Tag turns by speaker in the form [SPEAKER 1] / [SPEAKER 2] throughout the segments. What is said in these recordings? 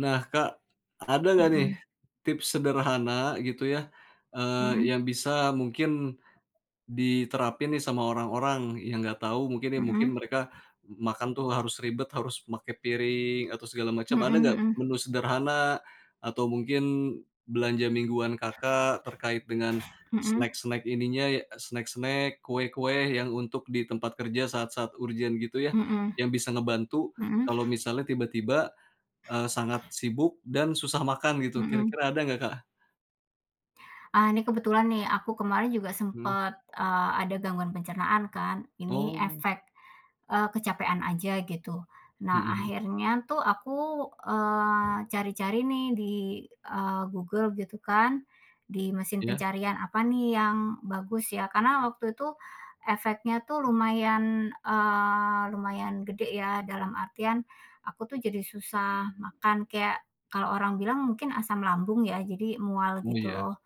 [SPEAKER 1] Nah, Kak, ada nggak, nih,
[SPEAKER 2] Mhm.
[SPEAKER 1] tips sederhana gitu ya, eee,
[SPEAKER 2] Mhm.
[SPEAKER 1] yang bisa mungkin diterapin nih sama orang-orang yang enggak tahu, mungkin nih, mungkin,
[SPEAKER 2] Mhm.
[SPEAKER 1] mereka makan tuh harus ribet, harus pakai piring atau segala macam.
[SPEAKER 2] Mhm
[SPEAKER 1] Ada nggak
[SPEAKER 2] mhm.
[SPEAKER 1] menu sederhana atau mungkin belanja mingguan Kakak terkait dengan
[SPEAKER 2] Mhm.
[SPEAKER 1] snack-snack ininya snack snack, kue-kue, yang untuk di tempat kerja saat-saat urgent gitu ya,
[SPEAKER 2] Mhm.
[SPEAKER 1] yang bisa ngebantu
[SPEAKER 2] Mhm.
[SPEAKER 1] kalau misalnya tiba-tiba, eee, sangat sibuk dan susah makan gitu,
[SPEAKER 2] Mhm.
[SPEAKER 1] kira-kira ada nggak, Kak?
[SPEAKER 2] Ah, nih, kebetulan nih, aku kemarin juga
[SPEAKER 1] Mhm.
[SPEAKER 2] sempet, eee, ada gangguan pencernaan kan, ini
[SPEAKER 1] Oh.
[SPEAKER 2] efek, eee, kecapean aja, gitu. Nah,
[SPEAKER 1] Mhm mhm.
[SPEAKER 2] akhirnya tuh aku, eee, cari-cari nih, di, eee, Google gitu kan, di mesin
[SPEAKER 1] Iya.
[SPEAKER 2] pencarian. Apa nih yang bagus ya, karena waktu itu efeknya tuh lumayan, eee, lumayan gede ya, dalam artian aku tuh jadi susah makan, kayak kalau orang bilang mungkin asam lambung ya, jadi mual,
[SPEAKER 1] Oh,
[SPEAKER 2] gitu
[SPEAKER 1] ya.
[SPEAKER 2] loh.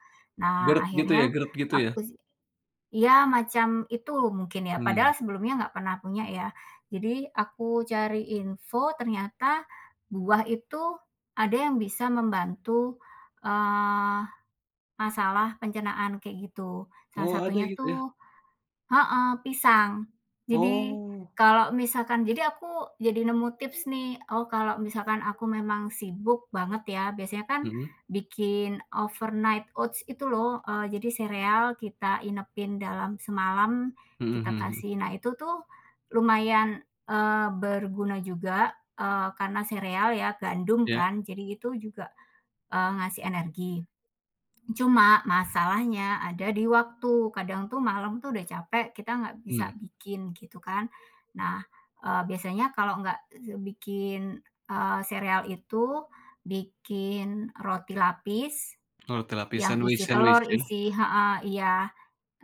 [SPEAKER 2] Nah,
[SPEAKER 1] Gerd gitu, ya,
[SPEAKER 2] akhirnya
[SPEAKER 1] gerd git,u ya.
[SPEAKER 2] aku iya, macam itu mungkin ya,
[SPEAKER 1] Hmm.
[SPEAKER 2] padahal sebelumnya nggak pernah punya, ya. Jadi aku cari info, ternyata buah itu ada yang bisa membantu, eee, masalah pencernaan, kayak gitu, salah
[SPEAKER 1] Oh, ada
[SPEAKER 2] satunya
[SPEAKER 1] gitu, ya?
[SPEAKER 2] tuh heeh, pisang. Jadi
[SPEAKER 1] Oh.
[SPEAKER 2] kalau misalkan jadi aku jadi nemu tips nih, oh, kalau misalkan aku memang sibuk banget ya, biasanya kan
[SPEAKER 1] Mhm.
[SPEAKER 2] bikin overnight oats itu lho, eee, jadi sereal kita inepin dalam semalam,
[SPEAKER 1] Mhm
[SPEAKER 2] kita
[SPEAKER 1] mhm mhm.
[SPEAKER 2] kasih. Nah, itu tuh, lumayan, eee. berguna juga, eee, karena sereal ya, gandum
[SPEAKER 1] Ya.
[SPEAKER 2] kan, jadi itu juga, eee, ngasih energi. Cuma masalahnya ada di waktu, kadang tuh malam tuh udah capek, kita nggak bisa
[SPEAKER 1] Mhm.
[SPEAKER 2] bikin, gitu kan. Nah, eee, biasanya kalau nggak bikin, eee, sereal itu, bikin roti lapis
[SPEAKER 1] Oh roti lapis,
[SPEAKER 2] yang
[SPEAKER 1] sandwich
[SPEAKER 2] isi
[SPEAKER 1] sandwich
[SPEAKER 2] telur,
[SPEAKER 1] ya.
[SPEAKER 2] isi heeh, iya.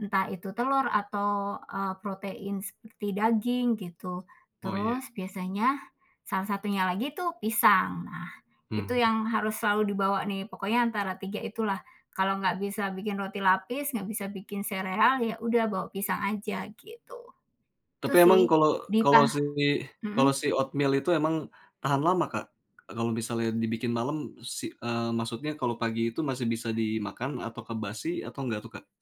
[SPEAKER 2] Entah itu telur atau, eee, protein seperti daging, gitu.
[SPEAKER 1] Oh, ya.
[SPEAKER 2] Terus biasanya salah satunya lagi tuh pisang. Nah, itu
[SPEAKER 1] Mhm.
[SPEAKER 2] yang harus selalu dibawa nih, pokoknya antara 3 itulah, kalau nggak bisa bikin roti lapis, nggak bisa bikin sereal, ya udah bawa pisang aja, gitu. Gitu
[SPEAKER 1] Tapi
[SPEAKER 2] sih.
[SPEAKER 1] emang kalau
[SPEAKER 2] Di
[SPEAKER 1] kalau
[SPEAKER 2] pa
[SPEAKER 1] si kalau si
[SPEAKER 2] Mhm.
[SPEAKER 1] oatmeal itu emang tahan lama, Kak? Kalau misalnya dibikin malam, si eee, maksudnya kalau pagi itu masih bisa dimakan apakah basi atau nggak tuh, Kak?